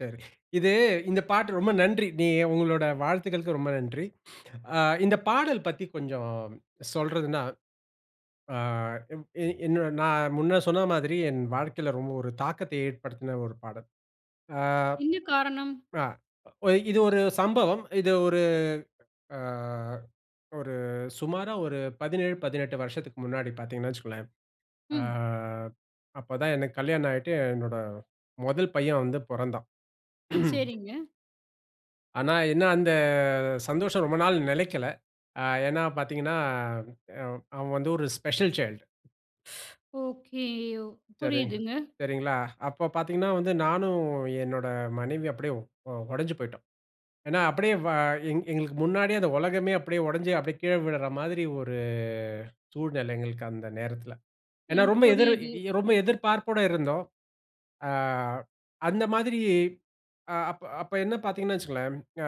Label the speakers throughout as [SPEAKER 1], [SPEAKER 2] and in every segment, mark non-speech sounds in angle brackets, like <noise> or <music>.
[SPEAKER 1] சரி. இது இந்த பாட்டு ரொம்ப நன்றி. நீ உங்களோட வாழ்த்துக்களுக்கு ரொம்ப நன்றி. <sniffs> ஆ இந்த பாடல் பத்தி கொஞ்சம் சொல்றதுன்னா அ என் நான் முன்ன சொன்ன மாதிரி என் வாழ்க்கையில ரொம்ப ஒரு தாக்கத்த ஏற்படுத்தின ஒரு பாடல். ஆ
[SPEAKER 2] என்ன காரணம்?
[SPEAKER 1] ஆ இது ஒரு சம்பவம். இது ஒரு அ ஒரு சுமாரா 17, 18 வருஷத்துக்கு முன்னாடி பார்த்தீங்கன்னா, வச்சுக்கோங்களேன். அ
[SPEAKER 2] ம்.
[SPEAKER 1] அப்ப தான் எனக்கு கல்யாணம் ஆயிட்டு என்னோட முதல் பையன் வந்து பொறந்தான். <clears throat>
[SPEAKER 2] சரிங்க.
[SPEAKER 1] ஆனா என்ன அந்த சந்தோஷம் ரொம்ப நாள் நெலைக்கல. அ ஏன்னா பார்த்தீங்கன்னா, அ அவன் வந்து ஒரு ஸ்பெஷல் சைல்ட்.
[SPEAKER 2] <shushes> ஓகே ஓ.
[SPEAKER 1] சரிங்க.
[SPEAKER 2] புரியுதுங்க.
[SPEAKER 1] சரிங்களா. அப்போ பார்த்தீங்கன்னா வந்து "நானும் என்னோட மனைவியும் அப்படியே ஓ ஓடஞ்சு போய்ட்டோம்." ஏன்னா, அப்படியே வ எங் எங்களுக்கு முன்னாடியே அந்த உலகமே அப்படியே உடைஞ்சு அப்படியே கீழே விழுற மாதிரி ஒரு சூழ்நிலை. எங்களுக்கு அந்த நேரத்தில. ஏன்னா
[SPEAKER 2] எனக்கு
[SPEAKER 1] ரொம்ப எதிர்
[SPEAKER 2] புரியுது.
[SPEAKER 1] ரொம்ப எதிர்பார்ப்போடு இருந்தோம். ஆ அந்த மாதிரி அ அப் அப்ப என்ன பார்த்தீங்கன்னா வச்சுக்கோங்களேன், அ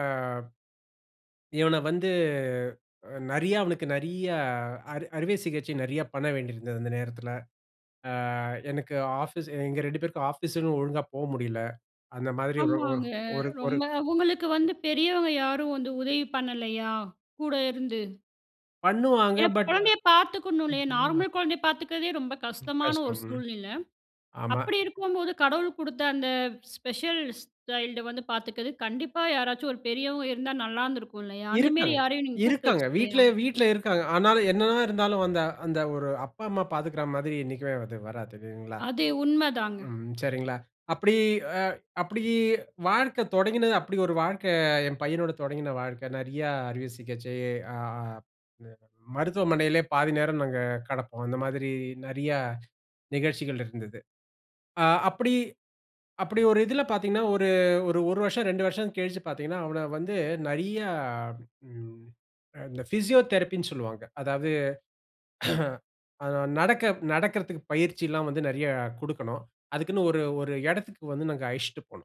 [SPEAKER 1] இவன வந்து நிறைய அவனுக்கு நிறைய அறு அறுவை சிகிச்சை நிறைய பண்ண வேண்டியிருந்தது அந்த நேரத்தில. ஆ எனக்கு ஆபீஸ், எங்க 2 பேருக்கும் ஆபீஸ்னு ஒழுங்கா போ முடியல. அந்த மாதிரி ஒரு
[SPEAKER 2] ஆமாங்க.
[SPEAKER 1] ஒரு ஒரு
[SPEAKER 2] ரொம்ப அவங்களுக்கு வந்து பெரியவங்க யாரும் வந்து உதவி பண்ணலையா? கூட இருந்து.
[SPEAKER 1] பண்ணுவாங்க
[SPEAKER 2] ஏன்னா
[SPEAKER 1] பட்.
[SPEAKER 2] குழந்தையை பார்த்துக்கணும் இல்லையே,
[SPEAKER 1] <unintelligible>
[SPEAKER 2] நார்மல் குழந்தையை பார்த்துக்கிறதே ரொம்ப கஷ்டமான ஒரு
[SPEAKER 1] கஷ்டம். ம்.
[SPEAKER 2] சூழ்நிலை.
[SPEAKER 1] ஆமா.
[SPEAKER 2] அப்படி இருக்கும்போது கடவுள் கொடுத்த அந்த ஸ்பெஷல் ஸ்டைல்டை வந்து பார்த்துக்கிறது கண்டிப்பா யாராச்சும் ஒரு பெரியவங்க இருந்தா நல்லா இருந்துருக்கும் இல்லையா? அந்தமாதிரி
[SPEAKER 1] இருக்காங்க.
[SPEAKER 2] யாரையும் நீங்க கூப்பிட்டு
[SPEAKER 1] இருக்காங்க.
[SPEAKER 2] வச்சுக்கலையா?
[SPEAKER 1] வீட்ல வீட்ல இருக்காங்க. ஆனாலும் என்ன தான் இருந்தாலும் அந்த அந்த ஒரு அப்பா, அம்மா பார்த்துக்கிற மாதிரி என்னைக்குமே வராதுங்களா.
[SPEAKER 2] அது உண்மைதாங்க.
[SPEAKER 1] ம். சரிங்களா? அப்படி அ அப்படி வாழ்க்கை தொடங்கினது அப்படி ஒரு வாழ்க்கை என் பையனோட தொடங்கின வாழ்க்கை நிறைய அறுவை சிகிச்சை. ஆ மருத்துவமனையிலயே பாதி நேரம் நாங்க கெடப்போம். அந்த மாதிரி நிறைய நிகழ்ச்சிகள் இருந்தது. ஆ அப்படி அப்படி ஒரு இதில பார்த்தீங்கன்னா, ஒரு ஒரு ஒரு வருஷம் 2 வருஷம் கழிச்சு பார்த்தீங்கன்னா, அவனை வந்து நிறைய ம் இந்த பிசியோதெரபி ன்னு சொல்வாக. அதாவது <clears throat> அது நடக்க நடக்கிறதுக்கு பயிற்சி எல்லாம் வந்து நிறைய கொடுக்கணும். அதுக்குன்னு ஒரு ஒரு இடத்துக்கு வந்து நாங்க அழச்சுட்டு போனோம்.